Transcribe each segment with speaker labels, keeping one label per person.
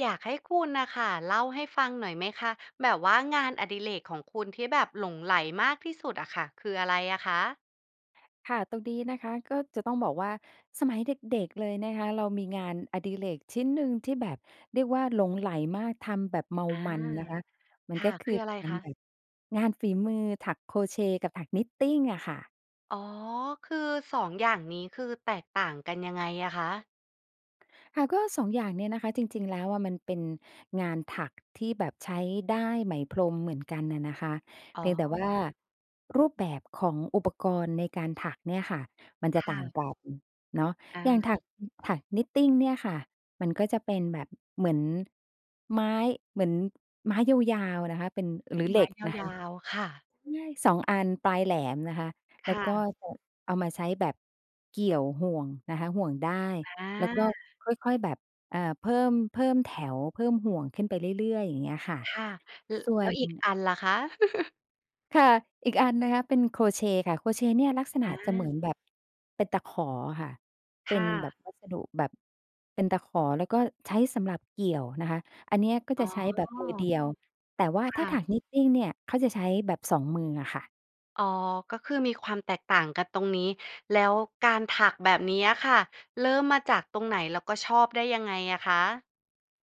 Speaker 1: อยากให้คุณน่ะค่ะ เล่าให้ฟังหน่อยไหมคะ แบบว่างานอดิเรกของคุณที่แบบหลงใหลมากที่สุดอะค่ะ คืออะไรอะคะ?
Speaker 2: ค่ะ ตรงนี้นะคะ ก็จะต้องบอกว่า สมัยเด็ก ๆ เลยนะคะ เรามีงานอดิเรกชิ้นหนึ่ง ที่แบบเรียกว่าหลงใหลมากทำแบบเมา
Speaker 1: อา
Speaker 2: มันนะคะ มัน
Speaker 1: ค่
Speaker 2: ก็
Speaker 1: ะ
Speaker 2: ค
Speaker 1: ค
Speaker 2: ือ
Speaker 1: ืออะไ
Speaker 2: ก
Speaker 1: ร
Speaker 2: าร
Speaker 1: คะ?
Speaker 2: แบบ งานฝีมือ ถักโครเชต์กับถักนิตติงอะค่ะ
Speaker 1: อ๋อ คือ 2 อย่างนี้ คือแตกต่างกันยังไงอะคะ?
Speaker 2: ค่ะ ก็ 2 อย่างเนี่ยนะคะ จริง ๆ แล้วอะ มันเป็นงานถัก ที่แบบใช้ด้ายไหม พรมเหมือนกันน่ะนะคะ
Speaker 1: อ
Speaker 2: เ
Speaker 1: ๋
Speaker 2: พ
Speaker 1: อ
Speaker 2: ียง แต่ว่า รูปแบบของ อุปกรณ์ในการถักเนี่ยค่ะ มันจ
Speaker 1: ค
Speaker 2: ะต
Speaker 1: ่
Speaker 2: ่าง
Speaker 1: ะ
Speaker 2: กันเนาะ
Speaker 1: อ
Speaker 2: อย
Speaker 1: า
Speaker 2: ่างถัก ถักนิตติงเนี่ยค่ะ มันก็จะเป็นแบบเหมือนไม้ เหมือนไม้ยาว ๆ นะคะ เป็น หรือเ
Speaker 1: ไ
Speaker 2: ห
Speaker 1: ม
Speaker 2: ล็
Speaker 1: ้
Speaker 2: กนะค
Speaker 1: ย
Speaker 2: ะ
Speaker 1: าว ๆ ค่ะ
Speaker 2: ง่าย 2 อันปลายแหลมนะคะ แ
Speaker 1: ค
Speaker 2: ล้ว
Speaker 1: ่
Speaker 2: ก็
Speaker 1: ะ
Speaker 2: จะเอามาใช้แบบเกี่ยวห่วงนะคะ ห่วงด้าย
Speaker 1: อา
Speaker 2: แล้วก็ ค่อย ๆ แบบ อา เพิ่ม เพิ่มแถว เพิ่มห่วงขึ้นไปเรื่อย ๆ อย่างเงี้ยค่ะ
Speaker 1: ค่ะ ล
Speaker 2: ส่ว
Speaker 1: แล้ว
Speaker 2: น
Speaker 1: อีกอันล่ะคะ?
Speaker 2: ค่ะ อีกอันนะคะ เป็นโครเชต์ค่ะ โครเชต์เนี่ยลักษณ
Speaker 1: อ
Speaker 2: ะจะเหมื
Speaker 1: า
Speaker 2: อนแบบเป็นตะขอค่ะ
Speaker 1: ค
Speaker 2: เป็
Speaker 1: ่
Speaker 2: นแบ
Speaker 1: ะ
Speaker 2: บวัสดุแบบเป็นตะขอ แล้วก็ใช้สำหรับเกี่ยวนะคะ อันนี้ก็
Speaker 1: อ๋
Speaker 2: จะ
Speaker 1: อ
Speaker 2: ใช้แบบ มือเดียว แต่ว่า
Speaker 1: ค
Speaker 2: ถ้
Speaker 1: ่
Speaker 2: าถั
Speaker 1: ะ
Speaker 2: ก Knitting เนี่ย เขาจะใช้แบบ 2 มืออะค่ะ
Speaker 1: อ๋อ ก็คือมีความแตกต่างกันตรงนี้ แล้วการถักแบบนี้อะค่ะ เริ่มมาจากตรงไหน แล้วก็ชอบได้ยังไงอะคะ?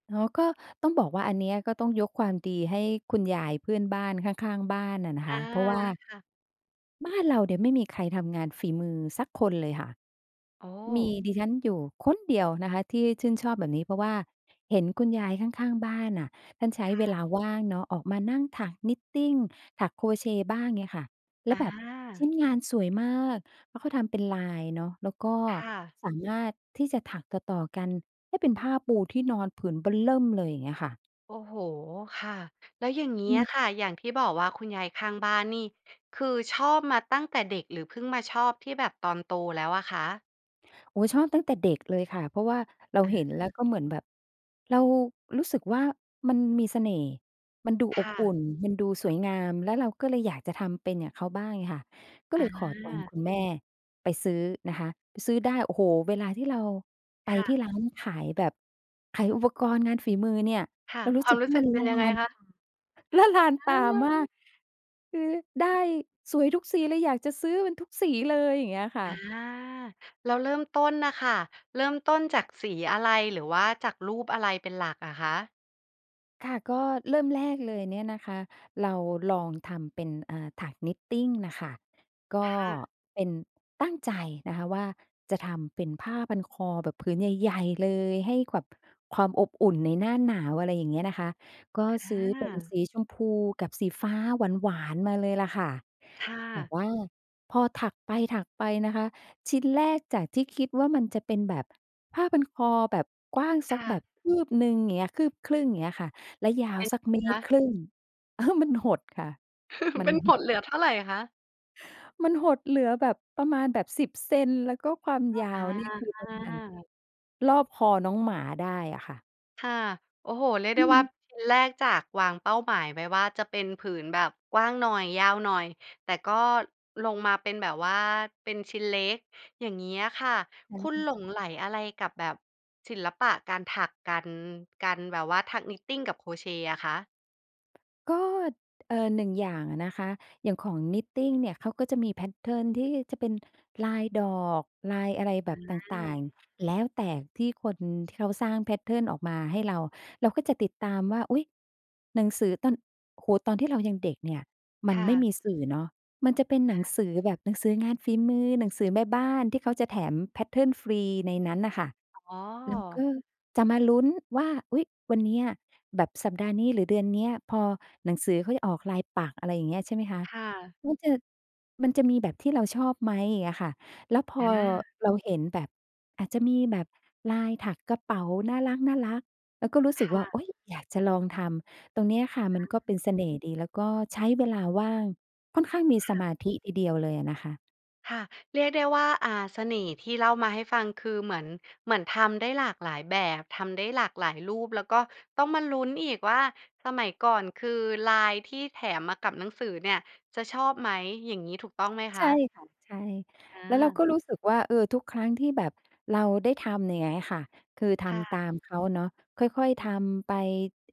Speaker 2: อ๋อ ก็ต้องบอกว่า อันเนี้ยก็ต้องยกความดีให้คุณยายเพื่อนบ้าน ข้าง ๆ บ้านอะนะ
Speaker 1: อ
Speaker 2: ค
Speaker 1: า
Speaker 2: ะ เพราะ ว่า
Speaker 1: ค่ะ
Speaker 2: บ้านเราเนี่ยไม่มีใครทำงานฝีมือสักคนเลยค่ะ
Speaker 1: โอ้
Speaker 2: มีดิฉันอยู่คนเดียวนะคะ ที่ชื่นชอบแบบนี้ เพราะว่าเห็นคุณยายข้าง ๆ บ้านน่ะท่านใช้
Speaker 1: ค
Speaker 2: เ
Speaker 1: ่
Speaker 2: ว
Speaker 1: ะ
Speaker 2: ลาว่างเนาะ ออกมานั่งถัก Knitting ถักโครเชต์บ้าง เงี้ยค่ะ แล้
Speaker 1: อ
Speaker 2: วแบบ ชิ
Speaker 1: า
Speaker 2: ้นงานสวยมาก แล้วเขาทำเป็นลายเนาะ แล้วก็
Speaker 1: ค่ะ
Speaker 2: สามารถที่จะถักต่อ ๆ กันให้เป็นผ้าปูที่นอนผืนเบ้อเริ่มเลย อย่างเงี้ยค่ะ
Speaker 1: โอ้โฮ! ค่ะ แล้วอย่างนี้
Speaker 2: ม
Speaker 1: อ
Speaker 2: ี
Speaker 1: ะค่ะ อย่างที่บอกว่าคุณยายข้างบ้านนี่ คือชอบมาตั้งแต่เด็ก หรือเพิ่งมาชอบที่แบบตอนโตแล้วอะคะ?
Speaker 2: โอ๊ย ชอบตั้งแต่เด็กเลยค่ะ เพราะว่าเรา
Speaker 1: อ
Speaker 2: เห็น แล้
Speaker 1: า
Speaker 2: วก็เหมือนแบบเรารู้สึกว่ามันมีเสน่ห์ มันดู
Speaker 1: ค
Speaker 2: อบ
Speaker 1: ่
Speaker 2: อุ
Speaker 1: ะ
Speaker 2: ่น มันดูสวยงาม แล้วเราก็เลยอยากจะทำเป็นอย่างเขาบ้าง เงี้ยค่ะ ก็
Speaker 1: อ
Speaker 2: เลยขอตังค์
Speaker 1: า
Speaker 2: คุณแม่ไปซื้อนะคะ ซื้อด้าย โอ้โฮ เวลาที่เราไป
Speaker 1: ค่
Speaker 2: ที่
Speaker 1: ะ
Speaker 2: ร้านขายแบบขายอุปกรณ์งานฝีมือเนี่ย
Speaker 1: ค่ะ
Speaker 2: เรารู
Speaker 1: ค
Speaker 2: ้
Speaker 1: วา
Speaker 2: สึ
Speaker 1: ม
Speaker 2: ก
Speaker 1: ร
Speaker 2: ว
Speaker 1: ู
Speaker 2: ่
Speaker 1: ้
Speaker 2: า
Speaker 1: สึ
Speaker 2: มั
Speaker 1: ก
Speaker 2: น
Speaker 1: เป็
Speaker 2: ล
Speaker 1: น
Speaker 2: ะ
Speaker 1: ยั
Speaker 2: ล
Speaker 1: งไง
Speaker 2: าน
Speaker 1: ค
Speaker 2: ตา
Speaker 1: ะ?
Speaker 2: ละลาน
Speaker 1: อ
Speaker 2: ต
Speaker 1: ้
Speaker 2: า
Speaker 1: อ
Speaker 2: มาก คือด้ายสวยทุกสีเลย อยากจะซื้อมันทุกสีเลย อย่างเงี้ยค่
Speaker 1: อา
Speaker 2: ะ
Speaker 1: แล้วเริ่มต้นน่ะค่ะ เริ่มต้นจากสีอะไร หรือว่าจากรูปอะไรเป็นหลักอะคะ?
Speaker 2: ค่ะ ก็เริ่มแรกเลยเนี่ยนะคะ เราลองทำเป็น อา ถัก Knitting น่ะค่ะ ก็
Speaker 1: ค่ะ
Speaker 2: เป็น ตั้งใจนะคะว่า จะทำเป็นผ้าพันคอแบบผืน ใหญ่ ๆ เลย ให้แบบ ความอบอุ่นในหน้าหนาว อะไรอย่างเงี้ยนะคะ ก็
Speaker 1: อ
Speaker 2: ซื้อเป็นส
Speaker 1: า
Speaker 2: ีชมพูกับสีฟ้าหวาน ๆ มาเลยแหละค่ะ
Speaker 1: ค่
Speaker 2: แต่
Speaker 1: ะ
Speaker 2: ว่าพอถักไป ๆ นะคะ ชิ้นแรกจากที่คิดว่ามันจะเป็นแบบผ้าพันคอแบบกว้างส
Speaker 1: ค
Speaker 2: ัก
Speaker 1: ่
Speaker 2: แบ
Speaker 1: ะ
Speaker 2: บ คืบหนึ่ง อย่างเงี้ย คืบครึ่งอย่าง เงี้ยค่ะ แล้วยา
Speaker 1: เป
Speaker 2: ว
Speaker 1: ็น
Speaker 2: สั
Speaker 1: ไ
Speaker 2: ก เม
Speaker 1: งค
Speaker 2: ตร
Speaker 1: ะ?
Speaker 2: ครึ่ง เออ มันหดค่ะ มั
Speaker 1: เป
Speaker 2: น
Speaker 1: ็น ห
Speaker 2: ห
Speaker 1: ด
Speaker 2: ด
Speaker 1: เหลือเท่าไรคะ?
Speaker 2: มันหดเหลือแบบประมาณแบบ 10 เซนต์ แล้วก็ความยา
Speaker 1: อ
Speaker 2: วเนี่ย คือประมาณ
Speaker 1: า
Speaker 2: รอบคอน้องหมาได้อะค่ะ
Speaker 1: ค่ะ โอ้โฮ! เรียก
Speaker 2: อ
Speaker 1: ได้ว่า
Speaker 2: ืม
Speaker 1: ชิ้นแรกจากวางเป้าหมายไว้ว่า จะเป็นผืนแบบกว้างหน่อย ยาวหน่อย แต่ก็ลงมาเป็นแบบว่าเป็นชิ้นเล็ก อย่างนี้อะค่ะ คุณ หลงไหลอะไรกับแบบศิลปะการถัก การ การแบบว่าถัก knitting กับโครเชต์อะคะ?
Speaker 2: ก็ เอ่อ 1 อย่างอะนะคะ อย่างของ knitting เนี่ย เขาก็จะมี แพตเทิร์น ที่จะเป็นลายดอก ลายอะไรแบ
Speaker 1: อื
Speaker 2: บต่า
Speaker 1: ม
Speaker 2: ง ๆ แล้วแต่ที่คนที่เขาสร้าง แพตเทิร์น ออกมาให้เรา เราก็จะติดตามว่า อุ๊ย! หนังสือตอน โอ้โฮ! ตอนที่เรายังเด็กเนี่ย มั
Speaker 1: ค
Speaker 2: น
Speaker 1: ่
Speaker 2: ไม่
Speaker 1: ะ
Speaker 2: มีสื่อเนาะ มันจะเป็นหนังสือแบบหนังสืองานฝีมือ หนังสือแม่บ้าน ที่เขาจะแถม แพตเทิร์น ฟรีในนั้นน่ะค่ะ
Speaker 1: อ๋
Speaker 2: แล้วก
Speaker 1: อ!
Speaker 2: ็จะมาลุ้นว่า อุ๊ย! วันเนี้ย แบบสัปดาห์นี้ หรือเดือนเนี้ย พอหนังสือเขาจะออกลายปักษ์ อะไรอย่างเงี้ย ใช่ไหมคะ
Speaker 1: ค่ะ
Speaker 2: มันจะ มันจะมีแบบที่เราชอบไหม อย่างเงี้ยค่ะ แล้วพ
Speaker 1: อ
Speaker 2: อ
Speaker 1: า
Speaker 2: เราเห็นแบบ อาจจะมีแบบลายถักกระเป๋าน่ารัก ๆ แล้วก็รู้ส
Speaker 1: ค
Speaker 2: ึก
Speaker 1: ่
Speaker 2: ว่า โอ
Speaker 1: ะ
Speaker 2: ๊ย! อยากจะลองทำ ตรงเนี้ยค่ะ มันก็เป็
Speaker 1: อา
Speaker 2: นเสน่ห์ดี แล้วก็ใช้เวลาว่าง ค่อนข้างมี
Speaker 1: ค
Speaker 2: ส
Speaker 1: ่
Speaker 2: ม
Speaker 1: ะ
Speaker 2: าธิทีเดียวเลยอะนะคะ
Speaker 1: ค่ะ เรียกได้ว่า อ่า เสน่ห์ที่เล่ามาให้ฟังคือเหมือน เหมือนทำได้หลากหลายแบบ ทำได้หลากหลายรูป แล้วก็ต้องมาลุ้นอีกว่าสมัยก่อน คือลายที่แถมมากับหนังสือเนี่ยจะชอบไหม? อย่างนี้ถูกต้องไหมค
Speaker 2: ใช่
Speaker 1: ะ?
Speaker 2: ค่ะ ใช่
Speaker 1: อ
Speaker 2: แล้วเรา
Speaker 1: า
Speaker 2: ก็ รู้สึกว่า เออ ทุกครั้งที่แบบเราได้ทำอย่างเงี้ยค่ะ คือท
Speaker 1: ค่
Speaker 2: ำต
Speaker 1: ะ
Speaker 2: ามเขาเนาะ ค่อย ๆ ทำไป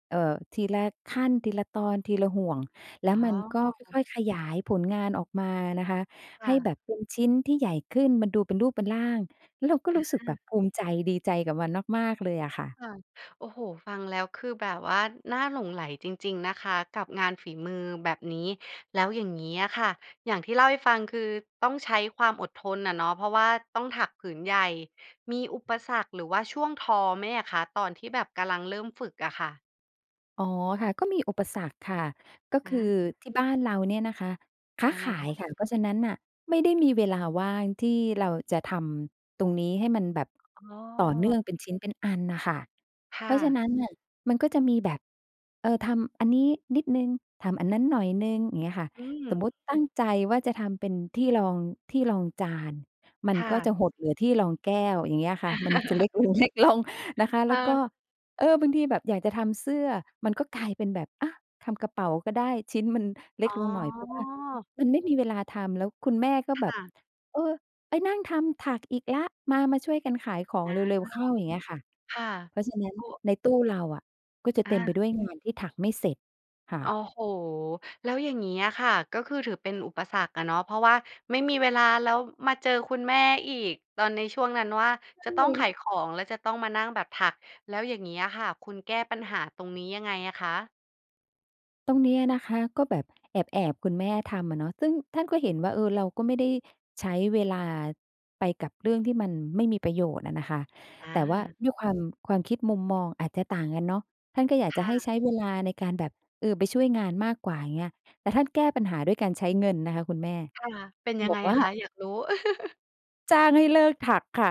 Speaker 2: เอ่อ ทีละขั้น ทีละตอน ทีละห่วง แล้
Speaker 1: อ๋
Speaker 2: วมั
Speaker 1: อ
Speaker 2: นก็ค่อย ๆ ขยายผลงานออกมานะคะ
Speaker 1: ค
Speaker 2: ใ
Speaker 1: ่
Speaker 2: ห้
Speaker 1: ะ
Speaker 2: แบบเป็นชิ้นที่ใหญ่ขึ้น มันดูเป็นรูปเป็นร่าง แล้วเราก็
Speaker 1: อ
Speaker 2: รู้สึกแบ
Speaker 1: า
Speaker 2: บภูมิใจ ดีใจกับมันมาก ๆ เลยอะค่ะ
Speaker 1: ค่ะ โอ้โฮ! ฟังแล้ว คือแบบว่าน่าหลงใหลจริง ๆ นะคะ กับงานฝีมือแบบนี้ แล้วอย่างนี้อะค่ะ อย่างที่เล่าให้ฟัง คือต้องใช้ความอดทนอะเนาะ เพราะว่าต้องถักผืนใหญ่ มีอุปสรรคหรือว่าช่วงท้อไหมอะคะ? ตอนที่แบบกำลังเริ่มฝึกอะค่ะ
Speaker 2: อ๋อ ค่ะ ก็มีอุปสรรคค่ะ ก็
Speaker 1: อ
Speaker 2: คือ
Speaker 1: า
Speaker 2: ที่บ้านเราเนี่ยนะคะ ค้า
Speaker 1: ยัง
Speaker 2: ข
Speaker 1: ไง
Speaker 2: า
Speaker 1: ค
Speaker 2: ย
Speaker 1: ะ?
Speaker 2: ค่ะ เพราะฉะนั้นน่ะ ไม่ได้มีเวลาว่างที่เราจะทำตรงนี้ให้มันแบบ
Speaker 1: อ๋อ
Speaker 2: ต่อเนื่องเป็นชิ้นเป็นอันน่ะค่ะ
Speaker 1: ค
Speaker 2: เพ
Speaker 1: ่
Speaker 2: ราะฉะ
Speaker 1: ะ
Speaker 2: นั้น น่ะ มันก็จะมีแบบ เออ ทำอันนี้นิดหนึ่ง ทำอันนั้นหน่อยหนึ่ง อย่างเงี้ยค่ะ
Speaker 1: อื
Speaker 2: สมมุ
Speaker 1: ม
Speaker 2: ติตั้งใจว่าจะทำเป็นที่รอง ที่รองจาน มัน
Speaker 1: ค่
Speaker 2: ก็
Speaker 1: ะ
Speaker 2: จะหดเหลือที่รองแก้ว อย่างเงี้ยค่ะ มันจะ เล็กลง ๆ นะคะ
Speaker 1: ค
Speaker 2: แล้
Speaker 1: ่
Speaker 2: วก็
Speaker 1: ะ
Speaker 2: เออ บางทีแบบอยากจะทำเสื้อ มันก็กลายเป็นแบบ อา ทำกระเป๋าก็ได้ ชิ้นมันเล็
Speaker 1: อ๋
Speaker 2: ก
Speaker 1: อ
Speaker 2: ลงหน่อย เพราะว่ามันไม่มีเวลาทำ แล้วคุณแม่ก็
Speaker 1: ค
Speaker 2: แบ
Speaker 1: ่
Speaker 2: บ
Speaker 1: ะ
Speaker 2: เออ ไปนั่งทำถักอีกละ มา ๆ ช่วยกันขายของ
Speaker 1: อา
Speaker 2: เร็ว ๆ เข้า อย่างเงี้ยค่ะ
Speaker 1: ค่ะ
Speaker 2: เพราะฉะนั้น
Speaker 1: โอ้
Speaker 2: ใน ตู้เราอะ ก็จะ
Speaker 1: อ
Speaker 2: เต็มไป
Speaker 1: า
Speaker 2: ด้วย งานที่ถักไม่เสร็จค่
Speaker 1: โอ้
Speaker 2: ะ
Speaker 1: โฮ! แล้วอย่างงี้อะค่ะ ก็คือถือเป็นอุปสรรคอะเนาะ เพราะว่าไม่มีเวลา แล้วมาเจอคุณแม่อีกตอนในช่วงนั้นว่า
Speaker 2: ใช
Speaker 1: จะต้องข
Speaker 2: ่
Speaker 1: ายของ แล้วจะต้องมานั่งแบบถัก แล้วอย่างงี่้อะค่ะ คุณแก้ปัญหาตรงนี้ยังไงอะคะ?
Speaker 2: ตรงเนี้ยนะคะ ก็แบบแอบ ๆ คุณแม่ทำอะเนาะ ซึ่งท่านก็เห็นว่า เออ เราก็ไม่ได้ใช้เวลาไปกับเรื่องที่มันไม่มีประโยชน์อะนะคะ
Speaker 1: อ
Speaker 2: แต่ว่า
Speaker 1: า
Speaker 2: ด้วยความ ความคิดมุมมองอาจจะต่างกันเนาะ ท่านก็อยาก
Speaker 1: ค
Speaker 2: จะ
Speaker 1: ่
Speaker 2: ให้
Speaker 1: ะ
Speaker 2: ใช้เวลาในการแบบ เออ ไปช่วยงานมากกว่า อย่างเงี้ย แต่ท่านแก้ปัญหาด้วยการใช้เงินนะคะคุณแม่
Speaker 1: ค่ะ เป็นยั
Speaker 2: บ
Speaker 1: งไ
Speaker 2: อ
Speaker 1: ง
Speaker 2: กว
Speaker 1: อ
Speaker 2: ่า
Speaker 1: ะคะ อยากรู้?
Speaker 2: จ้างให้เลิกถักค่ะ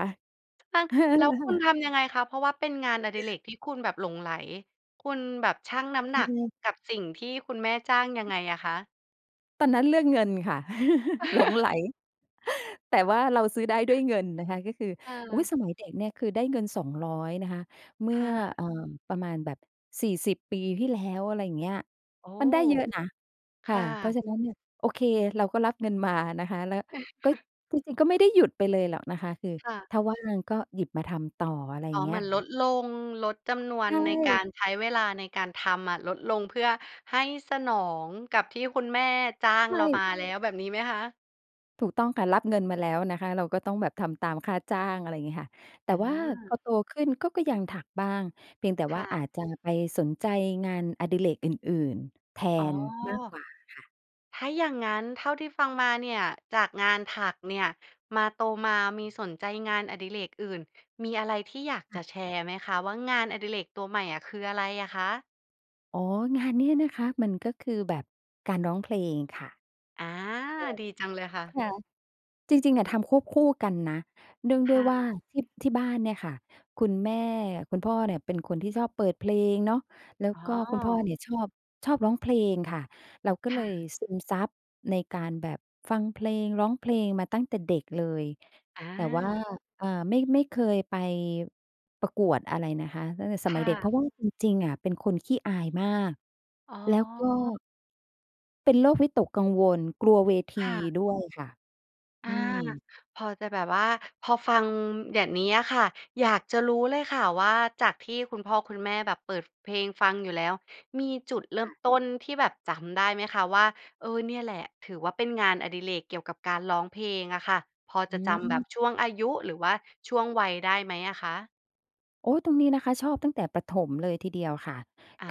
Speaker 1: แล้วคุณทำยังไงคะ เพราะว่าเป็นงานอดิเรกที่คุณแบบหลงใหล คุณแบบชั่งน้ำห
Speaker 2: อ
Speaker 1: น
Speaker 2: ื
Speaker 1: ัก
Speaker 2: ม
Speaker 1: กับสิ่งที่คุณแม่จ้างยังไงอะคะ?
Speaker 2: ตอนนั้นเรื่องเงินค่ะ หลงใหล แต่ว่าเราซื้อได้ด้วยเงินนะคะ ก็คือ
Speaker 1: เ
Speaker 2: อุ๊
Speaker 1: อ
Speaker 2: ย
Speaker 1: อ
Speaker 2: สมัยเด็กเนี่ยคือได้เงิน 200 นะคะ เมื
Speaker 1: ค
Speaker 2: ่
Speaker 1: ่
Speaker 2: อ
Speaker 1: ะ
Speaker 2: เอ่อ ประมาณแบบ 40 ปีที่แล้ว อะไรอย่างเงี้ย
Speaker 1: โอ้
Speaker 2: มันได้เยอะนะ
Speaker 1: ค
Speaker 2: ค่ะ
Speaker 1: ่
Speaker 2: เพราะ
Speaker 1: ะ
Speaker 2: ฉะนั้นเนี่ย โอเคเราก็รับเงินมานะคะ แล้วก็ ก็จริงก็ไม่ได้หยุดไปเลยหรอกนะคะ คือ
Speaker 1: ค่ะ
Speaker 2: ถ้าว่างก็หยิบมาทำต่อ อะไรอ
Speaker 1: อ
Speaker 2: ย่
Speaker 1: ๋
Speaker 2: า
Speaker 1: อ
Speaker 2: งเง
Speaker 1: เ
Speaker 2: ี
Speaker 1: ห
Speaker 2: ้
Speaker 1: มือ
Speaker 2: ย
Speaker 1: นลดลง ลดจำนว
Speaker 2: ใช
Speaker 1: นในกา
Speaker 2: ่
Speaker 1: ร ใช้เวลาในการทำอะลดลง เพื่อให้สนองกับที่คุณแม่จ้าง
Speaker 2: ใช
Speaker 1: เรา ม
Speaker 2: ่
Speaker 1: าแล้วแบบนี้ไหมคะ?
Speaker 2: ถูกต้องค่ะ รับเงินมาแล้วนะคะ เราก็ต้องแบบทำตามค่าจ้าง อะไรงี้ค่ะ แต
Speaker 1: อ
Speaker 2: ่ว่าพ
Speaker 1: า
Speaker 2: อโตขึ้นก็ ก็ยังถักบ้าง เพียงแต่
Speaker 1: ค
Speaker 2: ว่
Speaker 1: ่
Speaker 2: า
Speaker 1: ะ
Speaker 2: อาจจะไปสนใจงานอดิเรกอื่น ๆ แท
Speaker 1: อ๋อ
Speaker 2: นมากกว่าค่ะ
Speaker 1: ถ้าอย่างงั้นเท่าที่ฟังมาเนี่ย จากงานถักเนี่ย มา โตมามีสนใจงานอดิเรกอื่น มีอะไรที่อยาก
Speaker 2: ค่
Speaker 1: จะ
Speaker 2: ะ
Speaker 1: แชร์ไหมคะว่า งานอดิเรกตัวใหม่อะ คืออะไรอะคะ?
Speaker 2: อ๋อ งานนี้นะคะ มันก็คือแบบการร้องเพลงค่ะ
Speaker 1: อา ดีจังเลยค่
Speaker 2: ค
Speaker 1: ะ
Speaker 2: ่ะ ค่ะ จริง ๆ อะทำควบคู่กันนะ เนื่องด
Speaker 1: ค
Speaker 2: ้วย
Speaker 1: ่
Speaker 2: ว่า
Speaker 1: ะ
Speaker 2: ที่ ที่บ้านเนี่ยค่ะ คุณแม่ คุณพ่อเนี่ยเป็นคนที่ชอบเปิดเพลงเนาะ แล้ว
Speaker 1: อ๋อ
Speaker 2: ก็คุณพ่อเนี่ยชอบ ชอบร้องเพลงค่ะ เราก็
Speaker 1: ค
Speaker 2: เล
Speaker 1: ่
Speaker 2: ย
Speaker 1: ะ
Speaker 2: ซึมซับในการแบบฟังเพลง ร้องเพลงมาตั้งแต่เด็กเลย
Speaker 1: อ
Speaker 2: แต่ว่า
Speaker 1: า
Speaker 2: อ่า ไม่ ไม่เคยไปประกวดอะไรนะคะ ตั้งแต่ส
Speaker 1: ค
Speaker 2: มั
Speaker 1: ่
Speaker 2: ยเด็ก เ
Speaker 1: ะ
Speaker 2: พราะว่าจริง ๆ อะเป็นคนขี้อายมาก
Speaker 1: อ๋อ
Speaker 2: แล้วก็ เป็นโรควิตกกังวล กลัวเวที
Speaker 1: ค่ะ
Speaker 2: ด้วยค่ะ
Speaker 1: อ
Speaker 2: อ
Speaker 1: า
Speaker 2: ืม
Speaker 1: พอจะแบบว่า พอฟังแบบนี้อะค่ะ อยากจะรู้เลยค่ะว่า จากที่คุณพ่อคุณแม่แบบเปิดเพลงฟังอยู่แล้ว มีจุดเริ่
Speaker 2: ค
Speaker 1: ม
Speaker 2: ่ะ
Speaker 1: ต้นที่แบบจำได้ไหมคะว่า เออ เนี่ยแหละถือว่าเป็นงานอดิเรกเกี่ยวกับการร้องเพลงอะค่ะ พอ
Speaker 2: อ
Speaker 1: จะจำแบบ
Speaker 2: ืม
Speaker 1: ช่วงอายุ หรือว่าช่วงวัยได้ไหมอะคะ?
Speaker 2: โอ๊ย ตรงนี้นะคะ ชอบตั้งแต่ประถมเลยทีเดียวค่ะ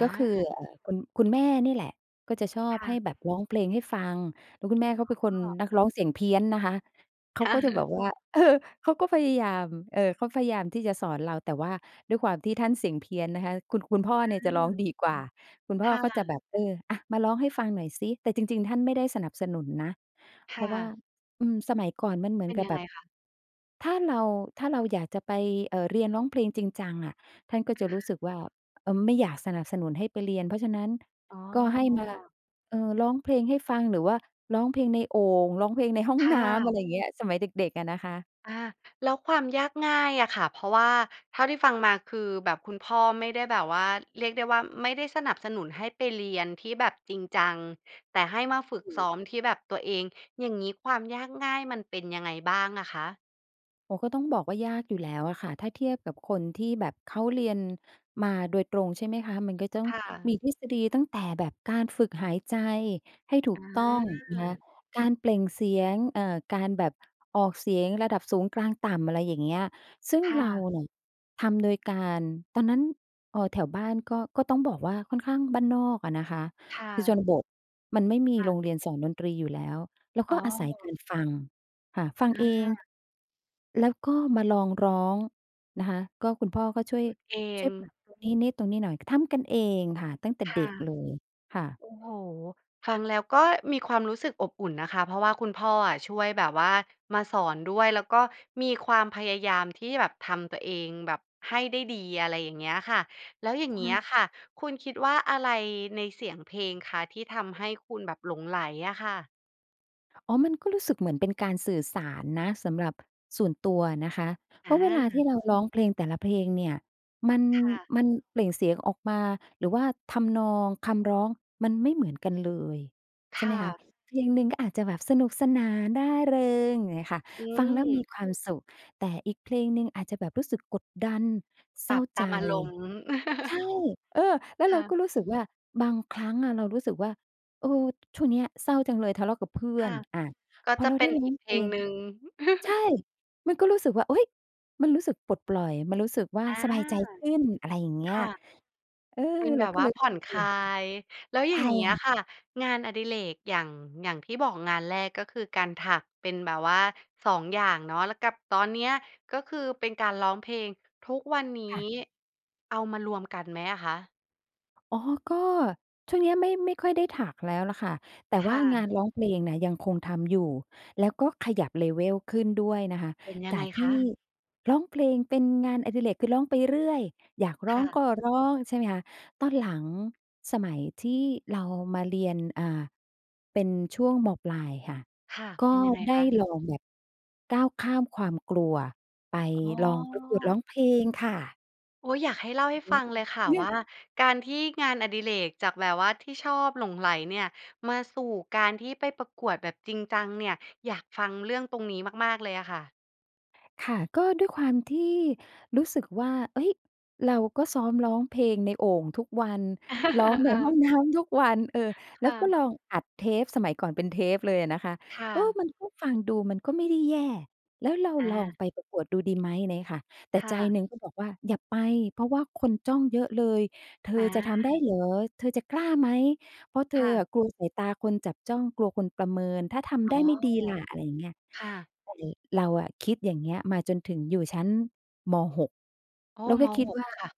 Speaker 2: ก็คือ
Speaker 1: า
Speaker 2: เอ่อ คุณ คุณแม่นี่แหละ ก็จะชอ
Speaker 1: ค
Speaker 2: บ
Speaker 1: ่
Speaker 2: ให
Speaker 1: ะ
Speaker 2: ้แบบร้องเพลงให้ฟัง แล้วคุณแม่เขาเป็นค
Speaker 1: อ๋
Speaker 2: น
Speaker 1: อ
Speaker 2: นักร้องเสียงเพี้ยนนะคะ เข
Speaker 1: ค
Speaker 2: า
Speaker 1: ่
Speaker 2: ก็
Speaker 1: ะ
Speaker 2: จะแบบ ว่า เออ เขาก็พยายาม เออ เขาพยายามที่จะสอนเรา แต่ว่าด้วยความที่ท่านเสียงเพี้ยนนะคะ คุณ คุณพ่อเนี่ย
Speaker 1: อื
Speaker 2: จะร
Speaker 1: ม
Speaker 2: ้องดี กว่า คุณพ
Speaker 1: ค
Speaker 2: ่อ
Speaker 1: ่ะ
Speaker 2: ก็จะแบบ เออ "อา มาร้องให้ฟังหน่อยซิ" แต่จริง ๆ ท่านไม่ได้สนับสนุนนะ
Speaker 1: ค
Speaker 2: เพร
Speaker 1: ่
Speaker 2: าะว่า
Speaker 1: ะ
Speaker 2: อืม สมัยก่อนมันเหมื
Speaker 1: เ
Speaker 2: อ
Speaker 1: ป
Speaker 2: น
Speaker 1: ็น
Speaker 2: กับ
Speaker 1: ยัง
Speaker 2: แบ
Speaker 1: ไง
Speaker 2: บ
Speaker 1: คะ?
Speaker 2: ถ้าเรา ถ้าเราอยากจะไป เอ่อ เรียนร้องเพลงจริงจังอะ ท่านก็
Speaker 1: อ
Speaker 2: จะรู้ส
Speaker 1: า
Speaker 2: ึกว่า เออ ไม่อยากสนับสนุนให้ไปเรียน เพราะฉะนั้น
Speaker 1: อ๋
Speaker 2: ก็ให้มา
Speaker 1: อ
Speaker 2: เออ ร้องเพลงให้ฟัง หรือว่าร้องเพลงในโอ่ง ร้องเพลงในห้อง
Speaker 1: ค่
Speaker 2: น้ำ อะ
Speaker 1: ะ
Speaker 2: ไรอย่างเงี้ย สมัยเด็ก ๆ อะนะคะ
Speaker 1: อา แล้วความยากง่ายอะค่ะ เพราะว่าเท่าที่ฟังมา คือแบบคุณพ่อไม่ได้แบบว่า เรียกได้ว่า ไม่ได้สนับสนุนให้ไปเรียนที่แบบจริงจัง แต่ให้มาฝึ
Speaker 2: ถ
Speaker 1: ก
Speaker 2: ู
Speaker 1: ซ้
Speaker 2: ก
Speaker 1: อมที่แบบตัวเอง อย่างงี้ ความยากง่ายมันเป็นยังไงบ้างอะคะ?
Speaker 2: โอ้โฮ ก็ต้องบอกว่า ยากอยู่แล้วอะค่ะ ถ้าเทียบกับคนที่แบบเขาเรียน มาโดยตรง ใช่ไหมคะ มันก็จะต้อ
Speaker 1: ค
Speaker 2: ง
Speaker 1: ่
Speaker 2: ม
Speaker 1: ะ
Speaker 2: ี ทฤษฎีตั้งแต่แบบการฝึกหายใจให้ถู
Speaker 1: อ
Speaker 2: กต้องนะคะ
Speaker 1: า
Speaker 2: การเปล่งเสียง เอ่อ การแบบออกเสียงระดับสูง กลาง ต่ำ อะไรอย่างเงี้ย ซึ่ง
Speaker 1: ค่
Speaker 2: เรา
Speaker 1: ะ
Speaker 2: เนี่ยทำโดยการ ตอนนั้น เอ่อ แถวบ้านก็ ก็ต้องบอกว่า ค่อนข้างบ้านนอกอะนะคะ
Speaker 1: ค่
Speaker 2: คือ ช
Speaker 1: ะ
Speaker 2: นบทมันไม่มี
Speaker 1: ค่
Speaker 2: โร
Speaker 1: ะ
Speaker 2: งเรียนสอนดนตรีอยู่แล้ว แล้ว
Speaker 1: อ๋
Speaker 2: ก็อาศัย
Speaker 1: อ
Speaker 2: การฟัง ค่ะ ฟัง
Speaker 1: อ
Speaker 2: เอง
Speaker 1: า
Speaker 2: แล้วก็มาลองร้อง นะคะ ก็คุณ พ่อก็ช่วย
Speaker 1: ฝึกเอ
Speaker 2: ช่
Speaker 1: ง
Speaker 2: วยปรับตรงนี้นิดตรงนี้หน่อย ทำกันเองค่ะ ตั้งแต่
Speaker 1: ค
Speaker 2: เด
Speaker 1: ่ะ
Speaker 2: ็กเลย ค่ะ
Speaker 1: โอ้โฮ ฟังแล้วก็มีความรู้สึกอบอุ่นนะคะ เพราะว่าคุณพ่ออะ ช่วยแบบว่ามาสอนด้วย แล้วก็มีความพยายามที่แบบทำตัวเองแบบให้ได้ดี อะไรอย่างเงี้ยค่ะ แล้วอย่างเง
Speaker 2: ค
Speaker 1: ี
Speaker 2: ว
Speaker 1: ้
Speaker 2: า
Speaker 1: ย
Speaker 2: ม
Speaker 1: ค่ะ คุณคิดว่า อะไรในเสียงเพลงคะ ที่ทำให้คุณแบบหลงใหลอะค่ะ?
Speaker 2: อ๋อ มันก็รู้สึกเหมือนเป็นการสื่อสารนะ สำหรับส่วนตัวนะคะ เพ
Speaker 1: อ
Speaker 2: ราะเวลาที
Speaker 1: า
Speaker 2: ่เรา ร้องเพลงแต่ละเพลงเนี่ย มัน
Speaker 1: ค่ะ
Speaker 2: มันเปล่งเสียงออกมา หรือว่าทำนอง คำร้อง มันไม่เหมือนกันเลย ใช
Speaker 1: ค
Speaker 2: ่ไหม
Speaker 1: ่
Speaker 2: คะ
Speaker 1: ะ
Speaker 2: เพลงหนึ่งก็อาจจะแบบสนุกสนาน ร่าเริง อย่างงี้ค่ะ
Speaker 1: อื
Speaker 2: ฟังแล้ว มี
Speaker 1: ม
Speaker 2: ความสุข แต่อีกเพลงหนึ่งอาจจะแบบรู้สึกกดดัน เศ
Speaker 1: ป
Speaker 2: ร
Speaker 1: ร
Speaker 2: ้
Speaker 1: ั
Speaker 2: า
Speaker 1: บต
Speaker 2: ใจ
Speaker 1: าม อารมณ์
Speaker 2: ใช่ เออ แล้ว
Speaker 1: ค
Speaker 2: เร
Speaker 1: ่
Speaker 2: าก
Speaker 1: ะ
Speaker 2: ็รู้สึก ว่า บางครั้งอะเรารู้สึกว่า เออ ช่วงเนี้ยเศร้าจังเลย ทะเลาะกับ เพื่
Speaker 1: ค
Speaker 2: อ
Speaker 1: ่
Speaker 2: น
Speaker 1: ะ
Speaker 2: อา
Speaker 1: ก็
Speaker 2: พอ
Speaker 1: จะ
Speaker 2: เรา
Speaker 1: เป
Speaker 2: ไ
Speaker 1: ็
Speaker 2: ด้
Speaker 1: น
Speaker 2: ร้
Speaker 1: อ
Speaker 2: อ
Speaker 1: ีก
Speaker 2: ง
Speaker 1: เพ
Speaker 2: เพ
Speaker 1: ล
Speaker 2: ล
Speaker 1: ง
Speaker 2: ง
Speaker 1: หนึ่ง
Speaker 2: ใช่ มันก็รู้สึกว่า อุ๊ย! มันรู้สึกปลดปล่อย มันรู้สึกว่า
Speaker 1: อา
Speaker 2: สบายใจขึ้น อะไรอย่างเงี
Speaker 1: ค
Speaker 2: ้ย
Speaker 1: ่ะ
Speaker 2: เออ
Speaker 1: เป็น
Speaker 2: เ
Speaker 1: แ
Speaker 2: ร
Speaker 1: บ
Speaker 2: า
Speaker 1: บ
Speaker 2: ก็
Speaker 1: ว่
Speaker 2: เ
Speaker 1: า
Speaker 2: ลย
Speaker 1: ผ
Speaker 2: ร
Speaker 1: ่
Speaker 2: ู้
Speaker 1: อน
Speaker 2: สึก
Speaker 1: ค
Speaker 2: ตัวเ
Speaker 1: ล
Speaker 2: อ
Speaker 1: า
Speaker 2: ง
Speaker 1: ย แล้ว
Speaker 2: ใ
Speaker 1: อ
Speaker 2: ช
Speaker 1: ย่า
Speaker 2: ่
Speaker 1: งเงี
Speaker 2: ค
Speaker 1: ้
Speaker 2: ่
Speaker 1: ย
Speaker 2: ะ
Speaker 1: ค่ะ งานอดิเรกอย่าง อย่างที่บอก งานแรกก็คือการถัก เป็นแบบว่า 2 อย่างเนาะ แล้วกับตอนเนี้ย ก็คือเป็นการร้องเพลง ทุกวันนี้
Speaker 2: ค่ะ
Speaker 1: เอามารวมกันไหมอะคะ?
Speaker 2: อ๋อ ก็ช่วงนี้ไม่ ไม่ค่อยได้ถักแล้วแหละค่ะ แต่
Speaker 1: ค
Speaker 2: ว
Speaker 1: ่
Speaker 2: ่างา
Speaker 1: ะ
Speaker 2: นร้อง เพลงน่ะ ยังคงทำอยู่ แล้วก็ขยับ level ขึ้นด้วยนะคะ
Speaker 1: เป็นยั
Speaker 2: จ
Speaker 1: ง
Speaker 2: า
Speaker 1: ไง
Speaker 2: ก ท
Speaker 1: ค
Speaker 2: ี่
Speaker 1: ะ?
Speaker 2: ร้องเพลงเป็นงานอดิเรก คือร้องไปเรื่อย อยากร
Speaker 1: ค
Speaker 2: ้อ
Speaker 1: ่
Speaker 2: ง
Speaker 1: ะ
Speaker 2: ก็ร้อง ใช่ไหมคะ ตอนหลังสมัยที่เรามา เรียน อ่า เป็นช่วง ม.ปลาย ค่ะ
Speaker 1: ค่ะ
Speaker 2: ก็
Speaker 1: เป็น ยังไง
Speaker 2: ได้
Speaker 1: คะ?
Speaker 2: ลองแบบก้าวข้ามความกลัว ไป
Speaker 1: อ๋อ
Speaker 2: ลองประกวดร้องเพลงค่ะ
Speaker 1: โอ๊ย อยากให้เล่า
Speaker 2: อื
Speaker 1: ให
Speaker 2: อ
Speaker 1: ้
Speaker 2: ฮึ
Speaker 1: ฟัง เลยค่ะ
Speaker 2: เนี่
Speaker 1: ว
Speaker 2: ย
Speaker 1: ่า การที่งานอดิเรกจากแบบว่าที่ชอบ หลงใหลเนี่ย มาสู่การที่ไปประกวดแบบจริงจังเนี่ย อยากฟังเรื่องตรงนี้มาก ๆ เลยอะค่ะ
Speaker 2: ค่ะ ก็ด้วยความที่รู้สึกว่า เฮ้ย เราก็ซ้อมร้องเพลงในโอ่งทุกวัน ร้องใน ห้อ
Speaker 1: อา
Speaker 2: งน้ำ ทุกวัน เออ
Speaker 1: ค
Speaker 2: แล้
Speaker 1: ่
Speaker 2: วก็
Speaker 1: ะ
Speaker 2: ลองอัดเทป สมัยก่อนเป็นเทปเลยอะนะคะ
Speaker 1: ค่
Speaker 2: เออ
Speaker 1: ะ
Speaker 2: มันก็ ฟังดูมันก็ไม่ได้แย่ แล้วเรา
Speaker 1: อ
Speaker 2: ลอง
Speaker 1: า
Speaker 2: ไปประกวดดูดี ไหม ไรเงี้ยค่ะ แต่
Speaker 1: ค
Speaker 2: ใ
Speaker 1: ่
Speaker 2: จ
Speaker 1: ะ
Speaker 2: หนึ่งก็บอกว่า "อย่าไป เพราะว่าคนจ้องเยอะเลย เธอ
Speaker 1: อา
Speaker 2: จะทำ ได้เหรอ? เธอจะกล้าไหม? เพราะเธ
Speaker 1: ค
Speaker 2: อ
Speaker 1: ่
Speaker 2: อ
Speaker 1: ะ
Speaker 2: ะ กลัวสายตาคนจับจ้อง กลัวคนประเมิน ถ้าท
Speaker 1: อ๋
Speaker 2: ำไ
Speaker 1: อ
Speaker 2: ด้ไม่ดี ล่ะ?" อะไรอย่างเงี้ย
Speaker 1: ค่ะ
Speaker 2: ก็เลย เราอะคิดอย่างเงี้ยมาจนถึงอยู่ชั้น ม. 6
Speaker 1: อ้อ
Speaker 2: แล้วก
Speaker 1: ม.
Speaker 2: ็คิด
Speaker 1: 6
Speaker 2: ว่
Speaker 1: ค่ะ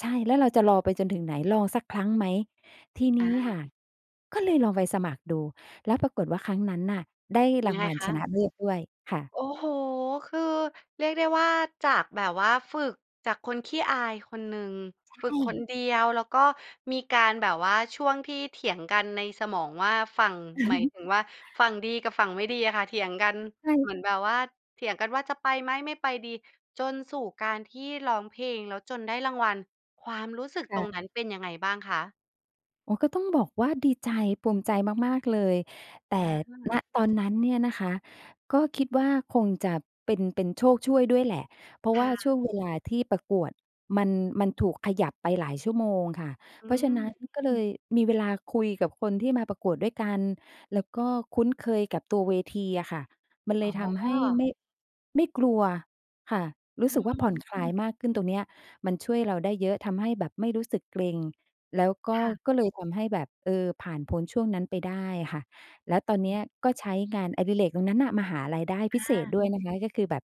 Speaker 2: ใช่ "แล้วเราจะรอไป จนถึงไหน? ลองสักครั้งไหม?" ทีนี
Speaker 1: อ
Speaker 2: ้
Speaker 1: า
Speaker 2: ค่ะ ก็เลยลองไปสมัครดู แล้วปรากฏว่าครั้งนั้นน่ะได้
Speaker 1: ย
Speaker 2: ร
Speaker 1: ัง
Speaker 2: า
Speaker 1: ไ
Speaker 2: ง
Speaker 1: ง
Speaker 2: วัล
Speaker 1: คะ?
Speaker 2: ชนะเลิศด้วยค่ะ
Speaker 1: โอ้โฮ! คือเรียกได้ว่า จากแบบว่าฝึก จากคนขี้อายคนหนึ่ง
Speaker 2: ใช
Speaker 1: ฝึกคน
Speaker 2: ่
Speaker 1: เดียว แล้วก็มีการแบบว่า ช่วงที่เถียงกันในสมองว่า ฝั่ง หมายถึงว่า ฝั่งดีกับฝั่งไม่ดีอะค่ะเถียงกัน
Speaker 2: ใช
Speaker 1: เ
Speaker 2: ่
Speaker 1: หมือนแบบว่า เถียงกันว่า "จะไปไหม? ไม่ไปดี" จนสู่การที่ร้องเพลงแล้วจนได้รางวัล ความรู้สึก
Speaker 2: ค
Speaker 1: ต
Speaker 2: ่
Speaker 1: รง
Speaker 2: ะ
Speaker 1: นั้นเป็นยังไงบ้างคะ?
Speaker 2: อ๋อ ก็ต้องบอกว่าดีใจ ภูมิใจมาก ๆ เลย แต
Speaker 1: อ
Speaker 2: ่ ณ
Speaker 1: า
Speaker 2: ตอนนั้นเนี่ยนะคะ ก็คิดว่าคงจะเป็น เป็นโชคช่วยด้วยแหละ เพรา
Speaker 1: ค
Speaker 2: ะว่
Speaker 1: ่
Speaker 2: าช่ว
Speaker 1: ะ
Speaker 2: งเวลา ที่ประกวดมัน มัน ถูกขยับไปหลายชั่วโมงค่ะ
Speaker 1: อื
Speaker 2: เพราะฉะนั้น
Speaker 1: ม
Speaker 2: ก็เลยมีเวลาคุยกับคนที่มาประกวดด้วยกัน แล้วก็คุ้นเคยกับตัวเวทีอะค่ะ มันเ
Speaker 1: อ
Speaker 2: ล
Speaker 1: ๋
Speaker 2: ยทำให้
Speaker 1: อ
Speaker 2: ไม่ ไม่กลัวค่ะ รู
Speaker 1: อ
Speaker 2: ้
Speaker 1: ื
Speaker 2: สึกว่า ผ
Speaker 1: ม
Speaker 2: ่อนคลายมากขึ้น ตรงเนี้ยมันช่วยเราได้เยอะ ทำให้แบบไม่รู้สึกเกร็ง แล้วก
Speaker 1: ค
Speaker 2: ็
Speaker 1: ่ะ
Speaker 2: ก็เลยทำให้แบบ เออ ผ่าน พ้นช่วงนั้นไปได้ค่ะ แล้วตอนเนี้ยก็ใช้งานอดิเรกตรงนั้นน่ะ มาหารายได้พ
Speaker 1: อ
Speaker 2: ิเศษ
Speaker 1: า
Speaker 2: ด้วยนะคะ ก็คือแบบ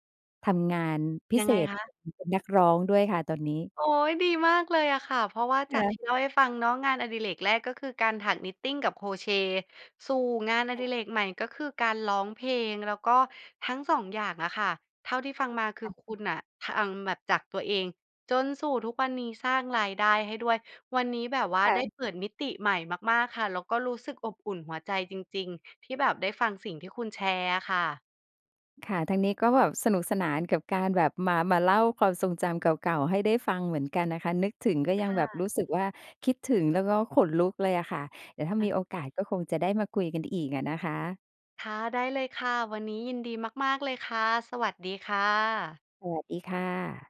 Speaker 2: ทำงานพิ
Speaker 1: ยั
Speaker 2: เ
Speaker 1: ง
Speaker 2: ศ
Speaker 1: ไง
Speaker 2: ษ
Speaker 1: คะ?
Speaker 2: เป็นนักร้องด้วยค่ะตอนนี้
Speaker 1: โอ๊ย ดีมากเลยอะค่ะ เพราะว่า
Speaker 2: ค
Speaker 1: จา
Speaker 2: ่
Speaker 1: กท
Speaker 2: ะ
Speaker 1: ี่เล่าให้ฟังเนาะ งานอดิเรกแรก ก็คือการถักนิตติงกับโครเชต์ สู่งานอ
Speaker 2: ค
Speaker 1: ด
Speaker 2: ่ะ
Speaker 1: ิเรกใหม่ ก็คือการร้องเพลง แล้วก็ทั้ง 2 อย่างอะค่ะ เท่าที่ฟังมาคื
Speaker 2: ค
Speaker 1: อ
Speaker 2: ่ะ
Speaker 1: คุณน่ะ ทาง แบบจากตัวเอง จนสู่ทุกวันนี้ สร้างรายได้ให้ด้วย วันนี้แบบว่า
Speaker 2: ค่
Speaker 1: ได้
Speaker 2: ะ
Speaker 1: เปิดมิติใหม่มาก ๆ ค่ะ แล้วก็รู้สึกอบอุ่นหัวใจจริง ๆ ที่แบบได้ฟังสิ่งที่คุณแชร์อะค่ะ
Speaker 2: ค่ะ ทางนี้ก็แบบสนุกสนานกับการแบบมา มาเล่าความทรงจำเก่า ๆ ให้ได้ฟังเหมือนกันนะคะ นึกถึงก็ย
Speaker 1: ค
Speaker 2: ัง
Speaker 1: ่
Speaker 2: แบบ
Speaker 1: ะ
Speaker 2: รู้สึกว่า คิดถึง แล้วก็ขนลุกเลยอะค่ะ เดี๋ยวถ้า
Speaker 1: ค่
Speaker 2: ม
Speaker 1: ะ
Speaker 2: ีโอกาสก็คงจะได้มาคุยกันอีกอะนะคะ
Speaker 1: ค่ะ ได้เลยค่ะ วันนี้ยินดีมาก ๆ เลยค่ะ สวัสดีค่ะ
Speaker 2: สวัสดีค่ะ